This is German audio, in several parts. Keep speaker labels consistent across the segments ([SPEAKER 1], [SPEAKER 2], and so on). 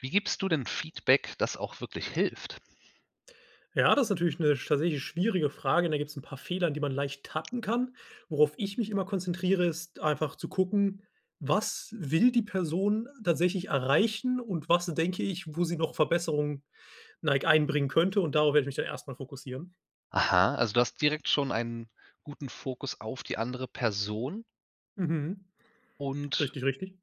[SPEAKER 1] Wie gibst du denn Feedback, das auch wirklich hilft?
[SPEAKER 2] Ja, das ist natürlich 'ne sch tatsächlich schwierige Frage. Da gibt's 'n paar Fehler, in die man leicht tappen kann. Worauf ich mich immer konzentriere, ist einfach zu gucken: Was will die Person tatsächlich erreichen? Und was denke ich, wo sie noch Verbesserung neig einbringen könnte? Und darauf werde ich mich dann erstmal fokussieren.
[SPEAKER 1] Aha. Also, du hast direkt schon einen guten Fokus auf die andere Person?
[SPEAKER 2] Mhm.
[SPEAKER 1] Und.
[SPEAKER 2] Richtig, richtig.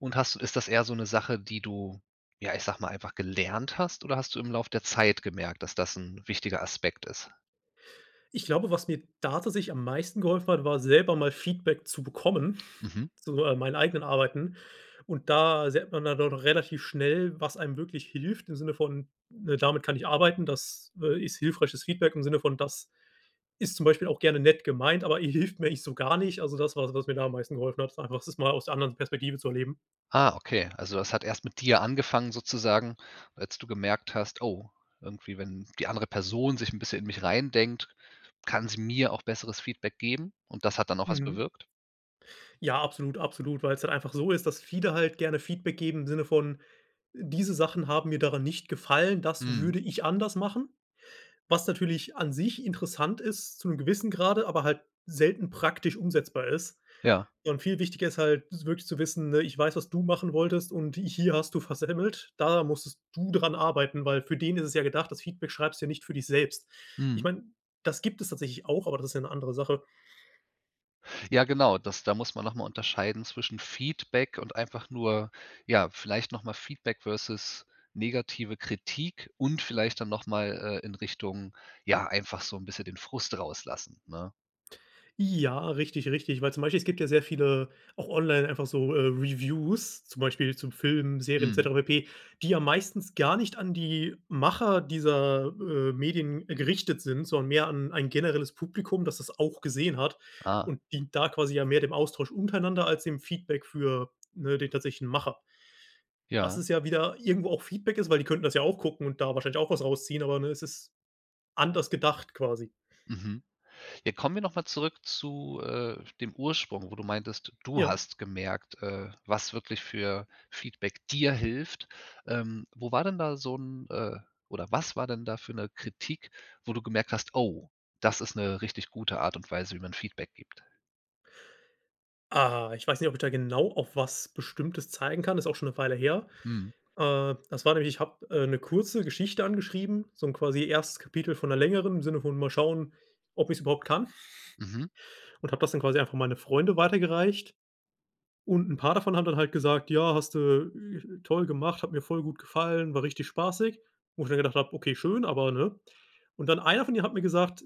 [SPEAKER 1] Und hast du ist das eher so 'ne Sache, die du ja, ich sage mal einfach gelernt hast? Oder hast du im Laufe der Zeit gemerkt, dass, das 'n wichtiger Aspekt ist?
[SPEAKER 2] Ich glaube, was mir da tatsächlich am meisten geholfen hat, war selber mal Feedback zu bekommen,
[SPEAKER 1] Mhm.
[SPEAKER 2] zu, äh meinen eigenen Arbeiten. Und da sieht man dann relativ schnell, was einem wirklich hilft im Sinne von, ne, damit kann ich arbeiten. Das, äh, ist hilfreiches Feedback im Sinne von das ist zum Beispiel auch gerne nett gemeint, aber äh, hilft mir eigentlich so gar nicht. Also das war das, was mir da am meisten geholfen hat, das einfach das mal aus der anderen s Perspektive zu erleben.
[SPEAKER 1] Ah, okay. Also, das hat erst mit dir angefangen, sozusagen, als du gemerkt hast: „Oh, irgendwie, wenn die andere Person sich 'n bisschen in mich reindenkt, kann sie mir auch besseres Feedback geben?“ Und das hat dann auch was
[SPEAKER 2] Mhm.
[SPEAKER 1] bewirkt?
[SPEAKER 2] Ja, absolut, absolut, weil's halt einfach so ist, dass viele halt gerne Feedback geben im Sinne von: „Diese Sachen haben mir daran nicht gefallen. Das
[SPEAKER 1] Mhm.
[SPEAKER 2] würde ich anders machen.“ Was natürlich an sich interessant ist, zu 'nem gewissen Grade, aber halt selten praktisch umsetzbar ist.
[SPEAKER 1] Ja.
[SPEAKER 2] Und viel wichtiger ist halt s wirklich zu wissen, ne: „Ich weiß, was du machen wolltest und ich hier hast du versemmelt. Da musstest du daran arbeiten“, weil für den ist es ja gedacht, das Feedback schreibst du ja nicht für dich selbst. Ich
[SPEAKER 1] Mhm.
[SPEAKER 2] meine, das gibt es tatsächlich auch, aber das ist ja 'ne andere Sache.
[SPEAKER 1] Ja, genau, das da muss man noch mal unterscheiden zwischen Feedback und einfach nur ja, vielleicht noch mal Feedback versus negative Kritik und vielleicht dann nochmal, äh, in Richtung, ja, einfach so 'n bisschen den Frust rauslassen, ne?
[SPEAKER 2] Ja, richtig, richtig. Weil zum Beispiel es gibt ja sehr viele, auch online, einfach so, äh, Reviews, zum Beispiel zu Filmen, Serien, et
[SPEAKER 1] Mhm.
[SPEAKER 2] cetera pp., die ja meistens gar nicht an die Macher dieser, äh, Medien gerichtet sind, sondern mehr an ein generelles Publikum, das das auch gesehen hat
[SPEAKER 1] Ah.
[SPEAKER 2] und dient da quasi ja mehr dem Austausch untereinander als dem Feedback für, ne, den tatsächlichen Macher. Was
[SPEAKER 1] Ja.
[SPEAKER 2] es ja wieder irgendwo auch Feedback ist, weil die könnten das ja auch gucken und da wahrscheinlich auch was rausziehen, aber, ne, es ist anders gedacht quasi.
[SPEAKER 1] Mhm. Ja kommen wir noch mal zurück zu, äh, dem Ursprung, wo du meintest, du
[SPEAKER 2] Ja.
[SPEAKER 1] hast gemerkt, äh, was wirklich für Feedback dir hilft, ähm, wo war denn da so 'n, äh oder was war denn da für 'ne Kritik, wo du gemerkt hast: „Oh, das ist 'ne richtig gute Art und Weise, wie man Feedback gibt?“
[SPEAKER 2] Ah, ich weiß nicht, ob ich da genau auf was Bestimmtes zeigen kann. Das ist auch schon 'ne Weile her.
[SPEAKER 1] Mhm.
[SPEAKER 2] Äh, das war nämlich ich habe, äh, 'ne kurze Geschichte angeschrieben, so 'n quasi erstes Kapitel von 'ner längeren im Sinne von: „Mal schauen, ob ich's überhaupt kann.“
[SPEAKER 1] Mhm.
[SPEAKER 2] Und habe das dann quasi einfach an meine Freunde weitergereicht. Und 'n paar davon haben dann halt gesagt: „Ja, hast du, äh, toll gemacht, hat mir voll gut gefallen, war richtig spaßig.“ Wo ich dann gedacht habe: „Okay, schön, aber“, ne? Und dann einer von denen hat mir gesagt: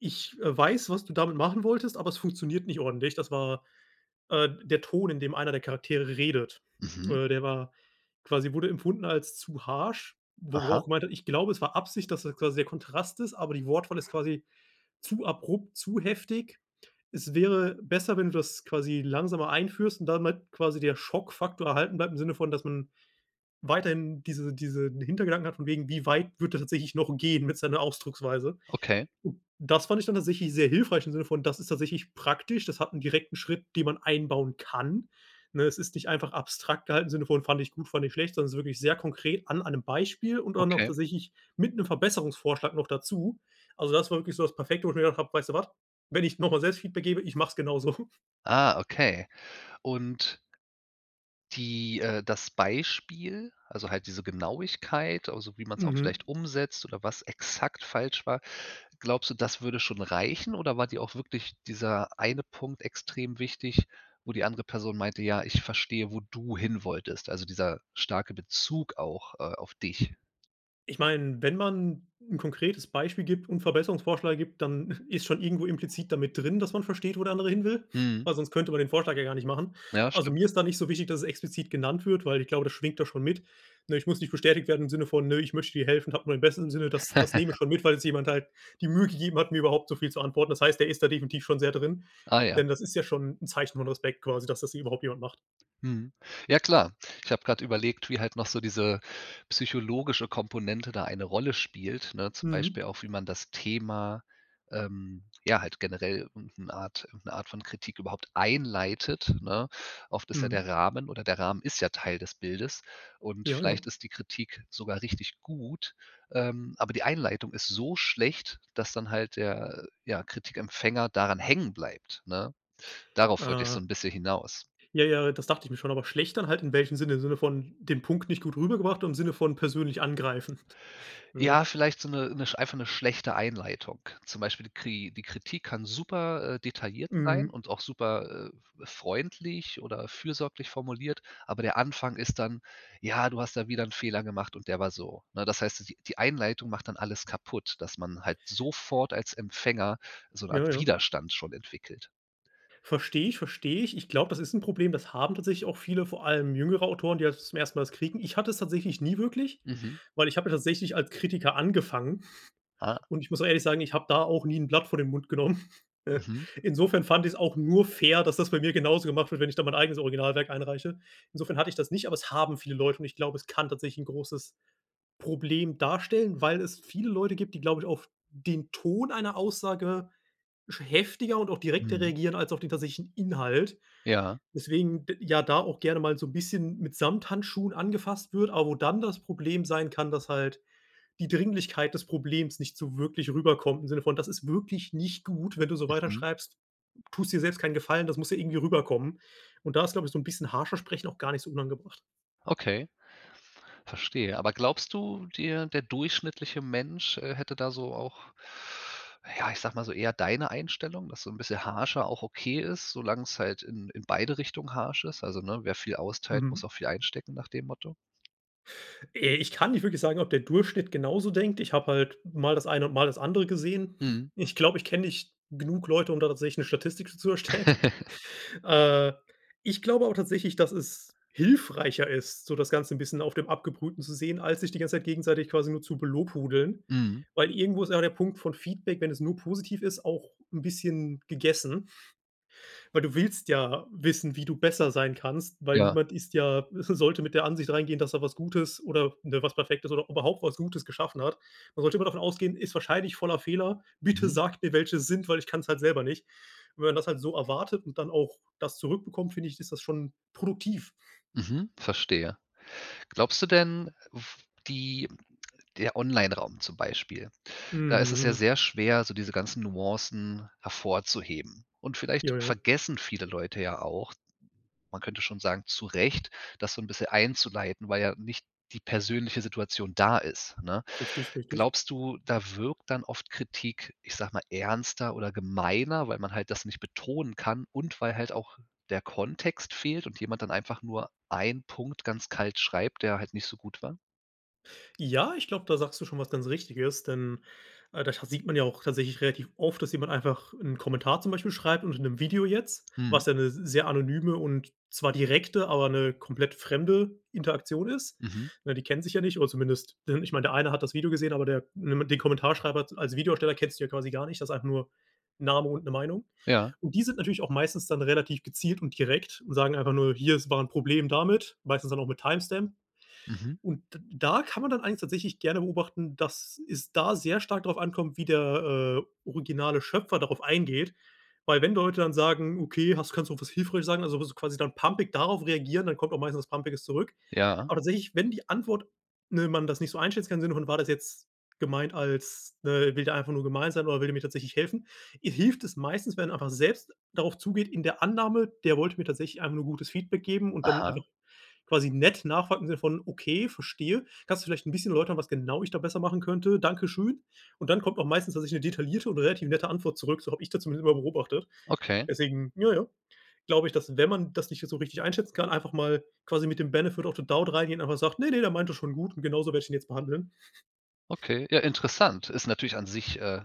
[SPEAKER 2] „Ich, äh, weiß, was du damit machen wolltest, aber es funktioniert nicht ordentlich.“ Das war, äh, der Ton, in dem einer der Charaktere redet.
[SPEAKER 1] Mhm.
[SPEAKER 2] Äh, der war quasi wurde empfunden als zu harsch, wo er
[SPEAKER 1] Aha.
[SPEAKER 2] auch gemeint hat: „Ich glaube, es war Absicht, dass das quasi der Kontrast ist, aber die Wortwahl ist quasi zu abrupt, zu heftig. Es wäre besser, wenn du das quasi langsamer einführst und damit quasi der Schockfaktor erhalten bleibt im Sinne von, dass man weiterhin diese diesen Hintergedanken hat von wegen: Wie weit wird er tatsächlich noch gehen mit seiner Ausdrucksweise?“
[SPEAKER 1] Okay.
[SPEAKER 2] Das fand ich dann tatsächlich sehr hilfreich im Sinne von, das ist tatsächlich praktisch. Das hat 'n direkten Schritt, den man einbauen kann. Ne, es ist nicht einfach abstrakt gehalten, im Sinne von: Fand ich gut, fand ich schlecht, sondern es ist wirklich sehr konkret an einem Beispiel und dann auch
[SPEAKER 1] Okay.
[SPEAKER 2] tatsächlich mit 'nem Verbesserungsvorschlag noch dazu. Also das war wirklich so das perfekte, wo ich mir gedacht habe: „Weißt du was? Wenn ich nochmal selbst Feedback gebe, ich mache es genau so.“
[SPEAKER 1] Ah, okay. Und die, äh das Beispiel also halt diese Genauigkeit, also, wie man's auch
[SPEAKER 2] Mhm.
[SPEAKER 1] vielleicht umsetzt oder was exakt falsch war. Glaubst du, das würde schon reichen? Oder war dir auch wirklich dieser eine Punkt extrem wichtig, wo die andere Person meinte: „Ja, ich verstehe, wo du hin wolltest.“ Also dieser starke Bezug auch, äh, auf dich.
[SPEAKER 2] Ich meine, wenn man 'n konkretes Beispiel gibt und Verbesserungsvorschläge gibt, dann ist schon irgendwo implizit damit drin, dass man versteht, wo der andere hin will,
[SPEAKER 1] Mhm.
[SPEAKER 2] weil sonst könnte man den Vorschlag ja gar nicht machen.
[SPEAKER 1] Ja,
[SPEAKER 2] Also,
[SPEAKER 1] stimmt.
[SPEAKER 2] mir ist da nicht so wichtig, dass es explizit genannt wird, weil ich glaube, das schwingt da schon mit. Ne, ich muss nicht bestätigt werden im Sinne von: „Ne, ich möchte dir helfen. Habe nur dein Bestes im Sinne.“ Das das nehme ich schon mit, weil es jemand halt die Mühe gegeben hat, mir überhaupt so viel zu antworten. Das heißt, der ist da definitiv schon sehr drin,
[SPEAKER 1] Ah ja.
[SPEAKER 2] denn das ist ja schon 'n Zeichen von Respekt quasi, dass das überhaupt jemand macht.
[SPEAKER 1] Mhm. Ja, klar. Ich habe gerade überlegt, wie halt noch so diese psychologische Komponente da eine Rolle spielt, ne? Zum
[SPEAKER 2] Mhm.
[SPEAKER 1] Beispiel auch, wie man das Thema, ähm, ja, halt generell irgend 'n Art irgend 'ne Art von Kritik überhaupt einleitet, ne? Oft ist ja
[SPEAKER 2] Mhm.
[SPEAKER 1] der Rahmen oder der Rahmen ist ja Teil des Bildes. Und
[SPEAKER 2] Ja, ja.
[SPEAKER 1] vielleicht ist die Kritik sogar richtig gut. Ähm, aber die Einleitung ist so schlecht, dass dann halt der, äh, ja Kritikempfänger daran hängen bleibt, ne? Darauf wollte ich
[SPEAKER 2] Ah.
[SPEAKER 1] so 'n bisschen hinaus.
[SPEAKER 2] Ja, ja, das dachte ich mir schon, aber schlecht dann halt, in welchem Sinne? Im Sinne von den Punkt nicht gut rübergebracht oder im Sinne von persönlich angreifen? Mhm.
[SPEAKER 1] Ja, vielleicht so 'ne 'ne sch einfach 'ne schlechte Einleitung. Zum Beispiel die Kri die Kritik kann super, äh, detailliert sein
[SPEAKER 2] Mhm.
[SPEAKER 1] und auch super, äh, f freundlich oder fürsorglich formuliert. Aber der Anfang ist dann: Ja, du hast da wieder 'nen Fehler gemacht und der war so, ne? Das heißt so die die Einleitung macht dann alles kaputt, dass man halt sofort als Empfänger so 'ne
[SPEAKER 2] Ja,
[SPEAKER 1] Art
[SPEAKER 2] ja.
[SPEAKER 1] Widerstand schon entwickelt.
[SPEAKER 2] Verstehe ich, verstehe ich. Ich glaube, das ist 'n Problem. Das haben tatsächlich auch viele, vor allem jüngere Autoren, die das zum 1. Mal das kriegen. Ich hatte es tatsächlich nie wirklich,
[SPEAKER 1] Mhm.
[SPEAKER 2] weil ich habe ja tatsächlich als Kritiker angefangen.
[SPEAKER 1] Ah!
[SPEAKER 2] Und ich muss auch ehrlich sagen, ich habe da auch nie 'n Blatt vor den Mund genommen. Äh,
[SPEAKER 1] Mhm.
[SPEAKER 2] insofern fand ich's auch nur fair, dass das bei mir genauso gemacht wird, wenn ich da mein eigenes Originalwerk einreiche. Insofern hatte ich das nicht, aber es haben viele Leute und ich glaube, es kann tatsächlich 'n großes Problem darstellen, weil es viele Leute gibt, die glaube ich, auf den Ton einer Aussage, sch heftiger und auch direkter
[SPEAKER 1] Mhm.
[SPEAKER 2] reagieren als auf den tatsächlichen Inhalt.
[SPEAKER 1] Ja.
[SPEAKER 2] Deswegen d ja da auch gerne mal so 'n bisschen mit Samthandschuhen angefasst wird. Aber wo dann das Problem sein kann, dass halt die Dringlichkeit des Problems nicht so wirklich rüberkommt im Sinne von, das ist wirklich nicht gut, wenn du so
[SPEAKER 1] Mhm.
[SPEAKER 2] weiterschreibst, m tust dir selbst keinen Gefallen, das muss ja irgendwie rüberkommen. Und da ist, glaube ich, so 'n bisschen harscher Sprechen auch gar nicht so unangebracht.
[SPEAKER 1] Okay, verstehe. Aber glaubst du dir der durchschnittliche Mensch, äh, hätte da so auch, na ja, ich sage mal, so eher deine Einstellung, dass so 'n bisschen harscher auch okay ist, solange es halt in in beide Richtungen harsch ist? Also, ne, wer viel austeilt, muss
[SPEAKER 2] Mhm.
[SPEAKER 1] auch viel einstecken nach dem Motto?
[SPEAKER 2] Äh, ich kann nicht wirklich sagen, ob der Durchschnitt genauso denkt. Ich habe halt mal das eine und mal das andere gesehen.
[SPEAKER 1] Mhm.
[SPEAKER 2] Ich glaube, ich kenne nicht genug Leute, um da tatsächlich 'ne Statistik dazu zu erstellen. Äh, ich glaube auch tatsächlich, dass es hilfreicher ist, so das Ganze 'n bisschen auf dem Abgebrühten zu sehen, als sich die ganze Zeit gegenseitig quasi nur zu belobhudeln.
[SPEAKER 1] Mhm.
[SPEAKER 2] Weil irgendwo ist ja der Punkt von Feedback, wenn es nur positiv ist, auch 'n bisschen gegessen. Weil du willst ja wissen, wie du besser sein kannst, weil
[SPEAKER 1] Ja.
[SPEAKER 2] niemand ist ja sollte mit der Ansicht reingehen, dass er was Gutes oder, ne, was Perfektes oder überhaupt was Gutes geschaffen hat. Man sollte immer davon ausgehen: „Ist wahrscheinlich voller Fehler. Bitte
[SPEAKER 1] Mhm.
[SPEAKER 2] sagt mir, welche es sind, weil ich kann's halt selber nicht.“ Und wenn man das halt so erwartet und dann auch das zurückbekommt, finde ich, ist das schon produktiv.
[SPEAKER 1] Mhm, verstehe. Glaubst du denn, f die der Online-Raum zum Beispiel. Da ist es ja
[SPEAKER 2] Mhm.
[SPEAKER 1] sehr schwer, so diese ganzen Nuancen hervorzuheben. Und vielleicht
[SPEAKER 2] Ja, ja.
[SPEAKER 1] vergessen viele Leute ja auch, man könnte schon sagen zu Recht, das so 'n bisschen einzuleiten, weil ja nicht die persönliche Situation da ist, ne?
[SPEAKER 2] Richtig, richtig.
[SPEAKER 1] Glaubst du, da wirkt dann oft Kritik, ich sage mal, ernster oder gemeiner, weil man halt das nicht betonen kann und weil halt auch der Kontext fehlt und jemand dann einfach nur ein Punkt ganz kalt schreibt, der halt nicht so gut war?
[SPEAKER 2] Ja, ich glaube, da sagst du schon was ganz richtiges, denn äh, da scha sieht man ja auch tatsächlich relativ oft, dass jemand einfach 'n Kommentar zum Beispiel schreibt und in 'nem Video jetzt. Was
[SPEAKER 1] Mhm.
[SPEAKER 2] ja 'ne s sehr anonyme und zwar direkte, aber 'ne komplett fremde Interaktion ist.
[SPEAKER 1] Mhm.
[SPEAKER 2] Ja, die kennen sich ja nicht oder zumindest denn, ich meine, der eine hat das Video gesehen, aber der [unintelligible] mit den Kommentarschreiber als Videoersteller kennst du ja quasi gar nicht. Das ist einfach nur Name und 'ne Meinung.
[SPEAKER 1] Ja.
[SPEAKER 2] Und die sind natürlich auch meistens dann relativ gezielt und direkt und sagen einfach nur: „Hier es war 'n Problem damit“, meistens dann auch mit Timestamp.
[SPEAKER 1] Mhm.
[SPEAKER 2] Und d da kann man dann eigentlich tatsächlich gerne beobachten, dass es da sehr stark darauf ankommt, wie der, äh, originale Schöpfer darauf eingeht. Weil wenn Leute dann sagen: „Okay, hast kannst du was hilfreiches sagen." Also so quasi dann pampig darauf reagieren, dann kommt auch meistens was Pampiges zurück.
[SPEAKER 1] Ja.
[SPEAKER 2] Aber tatsächlich, wenn die Antwort ne, man das nicht so einschätzen kann, im Sinne von war das jetzt gemeint als ne, will der einfach nur gemein sein oder will der mir tatsächlich helfen i hilft es meistens, wenn man einfach selbst darauf zugeht, in der Annahme, der wollte mir tatsächlich einfach nur gutes Feedback geben und dann
[SPEAKER 1] Aha.
[SPEAKER 2] einfach quasi nett nachfragt im Sinne von: „Okay, verstehe. Kannst du vielleicht 'n bisschen erläutern, was genau ich da besser machen könnte. Danke schön.“ Und dann kommt auch meistens tatsächlich 'ne detaillierte und relativ nette Antwort zurück, so habe ich das zumindest immer beobachtet.
[SPEAKER 1] Okay.
[SPEAKER 2] Deswegen ja, ja. Glaube ich, dass wenn man das nicht jetzt so richtig einschätzen kann, einfach mal quasi mit dem „Benefit of the doubt" reingehen, einfach sagt: „Ne, ne, der meint das schon gut und genauso werde ich ihn jetzt behandeln.“
[SPEAKER 1] Okay. Ja, interessant. Ist natürlich an sich, äh,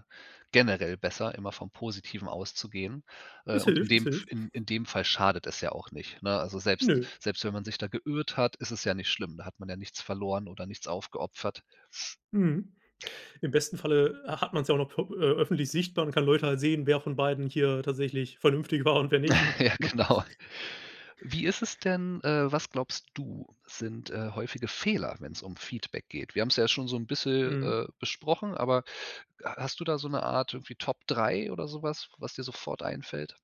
[SPEAKER 1] generell besser, immer vom Positiven auszugehen. Äh,
[SPEAKER 2] Es
[SPEAKER 1] und in
[SPEAKER 2] hilft,
[SPEAKER 1] dem
[SPEAKER 2] es
[SPEAKER 1] F
[SPEAKER 2] hilft.
[SPEAKER 1] in in dem Fall schadet es ja auch nicht, ne? Also selbst
[SPEAKER 2] Nö.
[SPEAKER 1] selbst wenn man sich da geirrt hat, ist es ja nicht schlimm. Da hat man ja nichts verloren oder nichts aufgeopfert.
[SPEAKER 2] Mhm. Im besten Falle, äh, hat man's ja auch noch vo äh, öffentlich sichtbar und kann Leute halt sehen, wer von beiden hier tatsächlich vernünftig war und wer nicht ne?
[SPEAKER 1] Ja, genau. Wie ist es denn äh, was glaubst du, sind, äh, häufige Fehler, wenn's um Feedback geht? Wir haben's ja schon so 'n bisschen,
[SPEAKER 2] Mhm.
[SPEAKER 1] äh, besprochen. Aber ha hast du da so 'ne Art irgendwie Top 3 oder sowas, was dir sofort einfällt?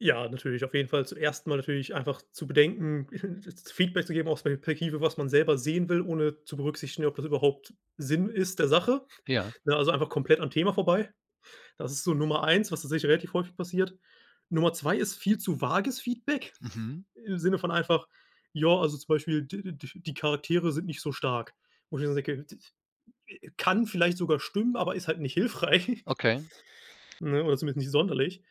[SPEAKER 2] Ja, natürlich. Auf jeden Fall zuerst mal natürlich einfach zu bedenken, z Feedback zu geben, aus der Perspektive, was man selber sehen will, ohne zu berücksichtigen, ob das überhaupt Sinn ist der Sache,
[SPEAKER 1] Ja.
[SPEAKER 2] ne, also, einfach komplett am Thema vorbei. Das ist so Nummer 1, was tatsächlich relativ häufig passiert. Nummer 2 ist viel zu wages Feedback
[SPEAKER 1] Mhm.
[SPEAKER 2] im Sinne von einfach ja, also, zum Beispiel, d d die Charaktere sind nicht so stark, wo ich tatsächlich sage: „Okay, [unintelligible] kann vielleicht sogar stimmen, aber ist halt nicht hilfreich“
[SPEAKER 1] Okay.
[SPEAKER 2] ne, oder zumindest nicht sonderlich.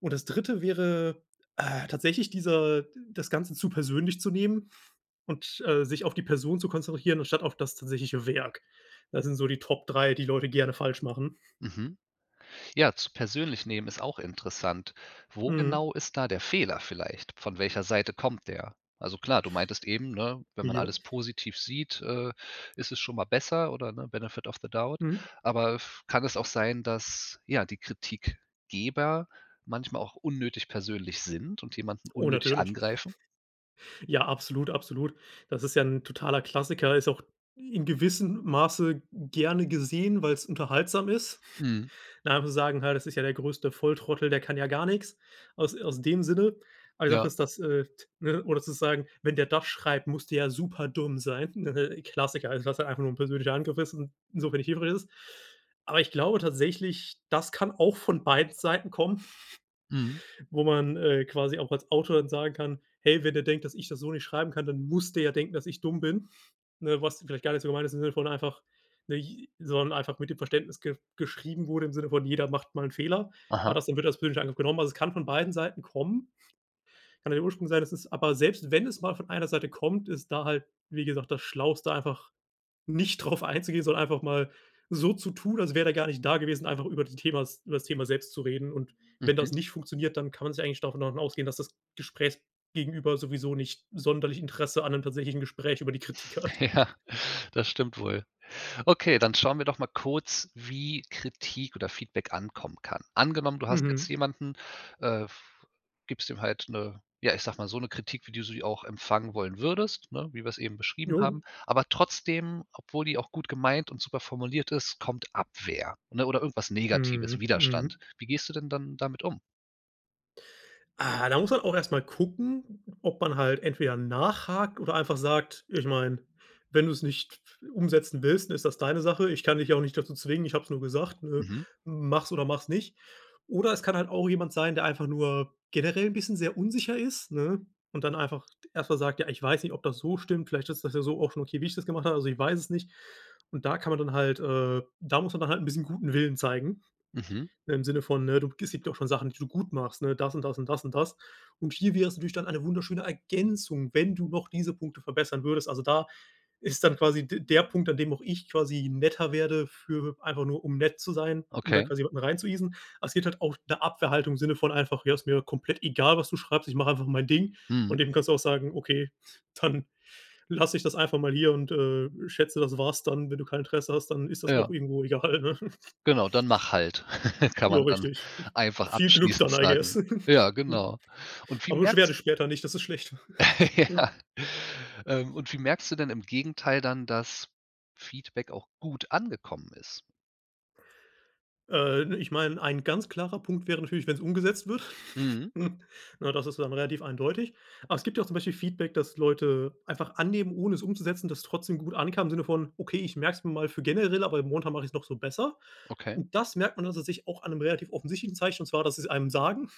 [SPEAKER 2] Und das 3. wäre, äh, tatsächlich dieser das Ganze zu persönlich zu nehmen und, äh, sich auf die Person zu konzentrieren, anstatt auf das tatsächliche Werk. Das sind so die Top 3, die Leute gerne falsch machen.
[SPEAKER 1] Mhm. Ja, zu persönlich nehmen ist auch interessant. Wo
[SPEAKER 2] Mhm.
[SPEAKER 1] genau ist da der Fehler, vielleicht? Von welcher Seite kommt der? Also, klar: Du meintest eben, ne, wenn man
[SPEAKER 2] Ja.
[SPEAKER 1] alles positiv sieht, äh, ist es schon mal besser, oder ne, Benefit of the Doubt.
[SPEAKER 2] Mhm.
[SPEAKER 1] Aber v kann es auch sein, dass ja die Kritikgeber manchmal auch unnötig persönlich sind und jemanden
[SPEAKER 2] Oh,
[SPEAKER 1] unnötig
[SPEAKER 2] natürlich.
[SPEAKER 1] angreifen?
[SPEAKER 2] Ja, absolut. Absolut. Das ist ja 'n totaler Klassiker. Ist auch in gewissem Masse gerne gesehen, weil's unterhaltsam ist.
[SPEAKER 1] Mhm.
[SPEAKER 2] [unintelligible] sagen halt, das ist ja der größte Volltrottel, der kann ja gar nix aus aus dem Sinne. Aber die Sache
[SPEAKER 1] Ja.
[SPEAKER 2] ist, dass, äh, t ne, oder sozusagen, „Wenn der das schreibt, muss der ja super dumm sein.“ Äh, Klassiker, also was ja einfach nur ein persönlicher Angriff ist und so wenig hilfreich ist. Aber ich glaube tatsächlich, das kann auch von beiden Seiten kommen.
[SPEAKER 1] Mhm.
[SPEAKER 2] Wo man, äh, quasi auch als Autor dann sagen kann: „Hey, wenn er denkt, dass ich das so nicht schreiben kann, dann muss der ja denken, dass ich dumm bin.“ Ne, was vielleicht gar nicht so gemeint ist, im Sinne von einfach nich sondern einfach mit dem Verständnis ge geschrieben wurde, im Sinne von „Jeder macht mal 'n Fehler.“ Aber
[SPEAKER 1] Aha.
[SPEAKER 2] das wird als persönlicher Angriff genommen. Also, es kann von beiden Seiten kommen. Kann ja der Ursprung sein, dass es aber selbst wenn es mal von einer Seite kommt, ist da halt, wie gesagt, das schlauste einfach nicht darauf einzugehen, sondern einfach mal so zu tun, als wäre er gar nicht da gewesen, einfach über die Themas übers Thema selbst zu reden. Und wenn
[SPEAKER 1] Mhm.
[SPEAKER 2] das nicht funktioniert, dann kann man sich eigentlich davon davon ausgehen, dass das Gesprächgegenüber sowieso nicht sonderlich Interesse an 'nem tatsächlichen Gespräch über die Kritik hat.
[SPEAKER 1] Ja, das stimmt wohl. Okay, dann schauen wir doch mal kurz, wie Kritik oder Feedback ankommen kann. Angenommen, du hast jetzt
[SPEAKER 2] Mhm.
[SPEAKER 1] jemanden, äh v gibst ihm halt 'ne, ja, ich sage mal so 'ne Kritik, wie du sie auch empfangen wollen würdest, ne, wie wir es eben beschrieben
[SPEAKER 2] Jo.
[SPEAKER 1] haben. Aber trotzdem, obwohl die auch gut gemeint und super formuliert ist, kommt Abwehr, ne? Oder oder irgendwas negatives,
[SPEAKER 2] Mhm,
[SPEAKER 1] Widerstand.
[SPEAKER 2] mhm.
[SPEAKER 1] Wie gehst du denn, dann damit um?
[SPEAKER 2] Ah, da muss man auch erst mal gucken, ob man halt entweder nachhakt oder einfach sagt: „Ich meine, wenn du es nicht umsetzen willst, dann ist das deine Sache. Ich kann dich auch nicht dazu zwingen. Ich habe es nur gesagt, ne,
[SPEAKER 1] Mhm.
[SPEAKER 2] mach's oder mach's nicht.“ Oder es kann halt auch jemand sein, der einfach nur generell 'n bisschen sehr unsicher ist, ne, und dann einfach erstmal sagt: „Ja, ich weiß nicht, ob das so stimmt. Vielleicht ist das ja so auch schon okay, wie ich das gemacht habe. Also, ich weiß es nicht.“ Und da kann man dann halt, äh da muss man dann halt 'n bisschen guten Willen zeigen.
[SPEAKER 1] Mhm.
[SPEAKER 2] Im Sinne von, äh: „Du, es gibt ja auch schon Sachen, die du gut machst, ne, das und das und das und das.” Und hier wäre es natürlich dann eine wunderschöne Ergänzung, wenn du noch diese Punkte verbessern würdest. Also da ist dann quasi d der Punkt, an dem auch ich quasi netter werde, für einfach nur um nett zu sein, um da
[SPEAKER 1] Okay.
[SPEAKER 2] quasi jemanden reinzueasen. Es geht halt auch 'ne Abwehrhaltung im Sinne von einfach: „Ja, ist mir komplett egal, was du schreibst. Ich mache einfach mein Ding.“
[SPEAKER 1] Mhm.
[SPEAKER 2] Und dem kannst du auch sagen: „Okay, dann lasse ich das einfach mal hier und, äh, schätze, das war's dann, wenn du kein Interesse hast, dann ist das auch
[SPEAKER 1] Ja.
[SPEAKER 2] irgendwo egal, ne?“
[SPEAKER 1] Genau. Dann mach halt. Kann
[SPEAKER 2] Ja,
[SPEAKER 1] man dann
[SPEAKER 2] richtig.
[SPEAKER 1] einfach
[SPEAKER 2] Viel Glück
[SPEAKER 1] abschließend
[SPEAKER 2] dann I
[SPEAKER 1] sagen.
[SPEAKER 2] guess.
[SPEAKER 1] Ja, genau. Und wie
[SPEAKER 2] Aber beschwere dich
[SPEAKER 1] merkst
[SPEAKER 2] später nicht, das ist schlecht.
[SPEAKER 1] Ja. Ähm, und wie merkst du denn im Gegenteil dann, dass Feedback auch gut angekommen ist?
[SPEAKER 2] Ähm, ich meine, ein ganz klarer Punkt wäre natürlich, wenn's umgesetzt wird.
[SPEAKER 1] Mhm.
[SPEAKER 2] Ne, das ist dann relativ eindeutig. Aber es gibt ja zum Beispiel Feedback, das Leute einfach annehmen, ohne es umzusetzen, das trotzdem gut ankam, im Sinne von: „Okay, ich merke es mir mal für generell, aber momentan mache ich's noch so besser.“
[SPEAKER 1] Okay.
[SPEAKER 2] Und das merkt man dann tatsächlich auch an 'nem relativ offensichtlichen Zeichen. Und zwar, dass sie's einem sagen.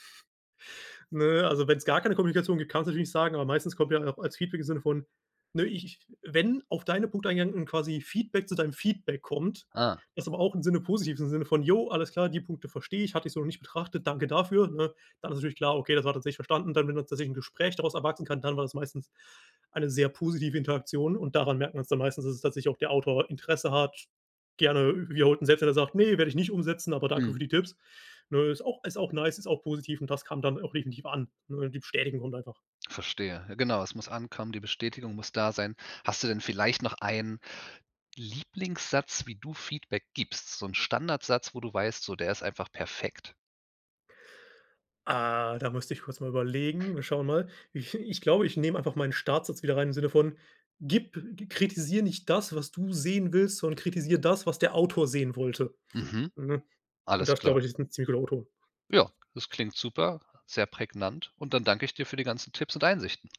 [SPEAKER 2] Ne, also, wenn's gar keine Kommunikation gibt, kann man's natürlich nicht sagen, aber meistens kommt ja auch als Feedback im Sinne von, ne, ich ich, wenn auf deine Punkte eingegangen und quasi Feedback zu deinem Feedback kommt,
[SPEAKER 1] Ah.
[SPEAKER 2] das aber auch im Sinne positivem Sinne von: „Jo, alles klar, die Punkte verstehe ich. Hatte ich so noch nicht betrachtet. Danke dafür“, ne? Dann ist natürlich klar: Okay, das war tatsächlich verstanden. Dann, wenn tatsächlich 'n Gespräch daraus erwachsen kann, dann war das meistens eine sehr positive Interaktion. Und daran merkt man's dann meistens, dass es tatsächlich auch der Autor Interesse hat. Gerne wiederholt und selbst, wenn er sagt: „Ne, werde ich nicht umsetzen, aber danke für
[SPEAKER 1] Mhm.
[SPEAKER 2] die Tipps.“ Ne, ist auch ist auch nice, ist auch positiv und das kam dann auch definitiv an, ne, die Bestätigung kommt einfach.
[SPEAKER 1] Verstehe. Ja genau. Es muss ankommen. Die Bestätigung muss da sein. Hast du denn vielleicht noch einen Lieblingssatz, wie du Feedback gibst, so 'n Standardsatz, wo du weißt, so: „Der ist einfach perfekt?“
[SPEAKER 2] Ah, da müsste ich kurz mal überlegen. Wir schauen mal. Ich ich glaube, ich nehme einfach meinen Startsatz wieder rein im Sinne von: „Gib kritisiere nicht das, was du sehen willst, sondern kritisiere das, was der Autor sehen wollte.“
[SPEAKER 1] Mhm.
[SPEAKER 2] Hm, und
[SPEAKER 1] Alles
[SPEAKER 2] das
[SPEAKER 1] klar.
[SPEAKER 2] glaube ich, ist 'n ziemlich guter O-Ton.
[SPEAKER 1] Ja, das klingt super. Sehr prägnant. Und dann danke ich dir für die ganzen Tipps und Einsichten.